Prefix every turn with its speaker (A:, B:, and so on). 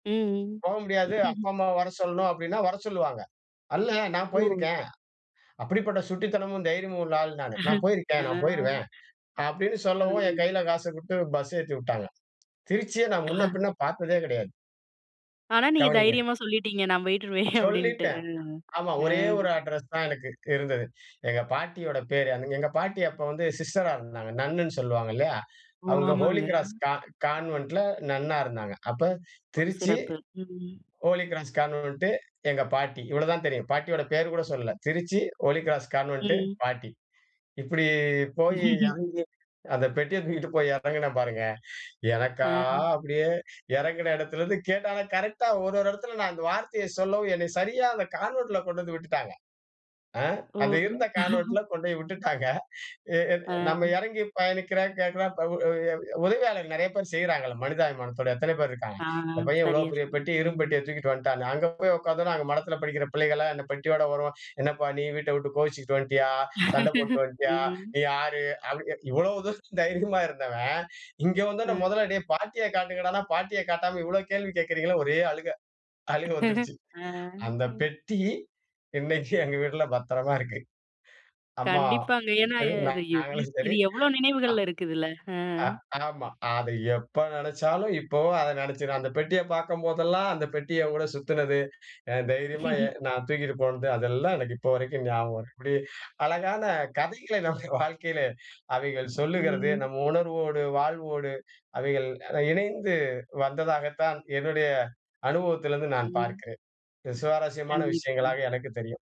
A: ம்.
B: போக முடியாது. அப்பா, அம்மா வர சொல்லணும் அப்படின்னா வர சொல்லுவாங்க. அல்ல நான்
A: ஓ.
B: போயிருக்கேன். அப்படிப்பட்ட சுட்டித்தனமும் தைரியமும் உள்ள ஆள் நானு. "நான்
A: ஆ
B: போயிருக்கேன் நான்
A: [unintelligible]
B: போய்ருவேன்" அப்படின்னு சொல்லவும் என்
A: ம்.
B: கையில காச குடுத்து பஸ் ஏத்திவிட்டாங்க. திருச்சிய நான் முன்ன பின்ன பாத்ததே கிடையாது.
A: ஆனா, நீங்க
B: கவனிங்க.
A: தைரியமா சொல்லிட்டீங்க "நான் போயிட்டுவருவேன்". அப்படின்னுட்டு.
B: சொல்லிட்டேன். ஆமா ஒரே ஒரு அட்ரஸ் தான் எனக்கு இருந்தது. எங்க பாட்டியோட பேரு. எங்க பாட்டி அப்ப வந்து சிஸ்டரா இருந்தாங்க. நன்னுன்னு சொல்லுவாங்க இல்லயா.
A: ஓ!
B: அவங்க ஹோலி
A: ஆமாங்க.
B: கிராஸ் கா கான்வென்ட்ல நன்னா இருந்தாங்க. அப்போ
A: ஒ!
B: திருச்சி.
A: சிறப்பு. ம்.
B: ஹோலி கிராஸ் கான்வென்ட்டு, எங்க பாட்டி. இவ்வளோ தான் தெரியும். பாட்டியோட பேர் கூட சொல்லல. திருச்சி, ஹோலி கிராஸ் கான்வென்ட்டு,
A: ம்.
B: பாட்டி. இப்புடி போய் எறங்கி அந்த பெட்டிய தூக்கிட்டு போய் எறங்குனேன் பாருங்க!
A: ஆ.
B: எனக்கா அப்படியே எறங்கின இடத்திலிருந்து கேட்டா ஆனா கரெக்டா ஒரு ஒரு இடத்துல நான் அந்த வார்த்தைய சொல்லவும் என்ன சரியா அந்த கான்வென்ட்ல கொண்டு வந்து விட்டுட்டாங்க. ஆ அது
A: ஓ.
B: இருந்த கான்வென்ட்ல கொண்டோய் விட்டுட்டாங்க. அ அ
A: ஆ.
B: நம்ம எறங்கி பயணிக்கிறேன், கேட்கறேன், உ உ உதவியாளர் நெறைய பேர் செய்றாங்கல, மனிதாபிமானத்தோட எத்தன பேர் இருக்காங்க.
A: ஆ
B: இந்த பையன் இவ்வளவு
A: சரியா
B: பெரிய
A: சொன்னீங்க.
B: பெட்டிய, இரும்பு
A: ம்.
B: பெட்டிய தூக்கிட்டு வந்த்ட்டான்னு. அங்க போய் உக்காந்தோன்ன, அங்க மடத்தில படிக்கிற பிள்ளைகள்லாம் இந்த பெட்டியோட வரவும், "என்னப்பா நீ வீட்டை விட்டு கோவிச்சுக்ட்டு வந்த்டியா? சண்டை போட்டுட்டு வந்த்டியா?
A: ம்.
B: நீ யாரு?" அப்டி கே இவ்வளவு தூரம் தைரியமா இருந்தவன் இங்க வந்தோன்ன,
A: ம்.
B: முதல்ல டேய் பாட்டிய காட்டுங்கடான்னா பாட்டிய காட்டாம இவ்வளவு கேள்வி கேக்கறீங்கலேன்னு, ஒரே அழுகை, அழுகை வந்துருச்சு.
A: ஆ
B: அந்த பெட்டி இன்னைக்கும் எங்க வீட்ல பத்திரமா இருக்கு.
A: கண்டிப்பாங்க.
B: அம்மாவும்
A: ஏன்னா
B: சரி
A: எ இது எவ்ளோ
B: நாங்களும் சரி.
A: இது எவ்வளோ
B: அ
A: நினைவுகள்ல இருக்குதுல்ல. ஆ.
B: அ ஆமா, அத எப்போ நெனைச்சாலும், இப்போவும் அதை நினைச்சி அந்த பெட்டிய பாக்கும்போதெல்லாம், அந்த பெட்டியோட சுத்தினது, எ தைரியமா நான் தூக்கிட்டு போனது. அதெல்லாம் எனக்கு இப்போ வரைக்கும் ஞாபகம் வருது. இப்படி அழகான கதைகளை நம்ம வாழ்க்கையிலே அவைகள் சொல்லுகிறது.
A: ம்.
B: நம்ம உணர்வோடு, வாழ்வோடு, அவைகள் இணைந்து வந்ததாகத்தான் என்னுடைய அனுபவத்திலேருந்து நான்
A: ம்.
B: பார்க்கிறேன். இது சுவாரஸ்யமான விஷயங்களா
A: கண்டிப்பாங்க.
B: எனக்கு தெரியும்.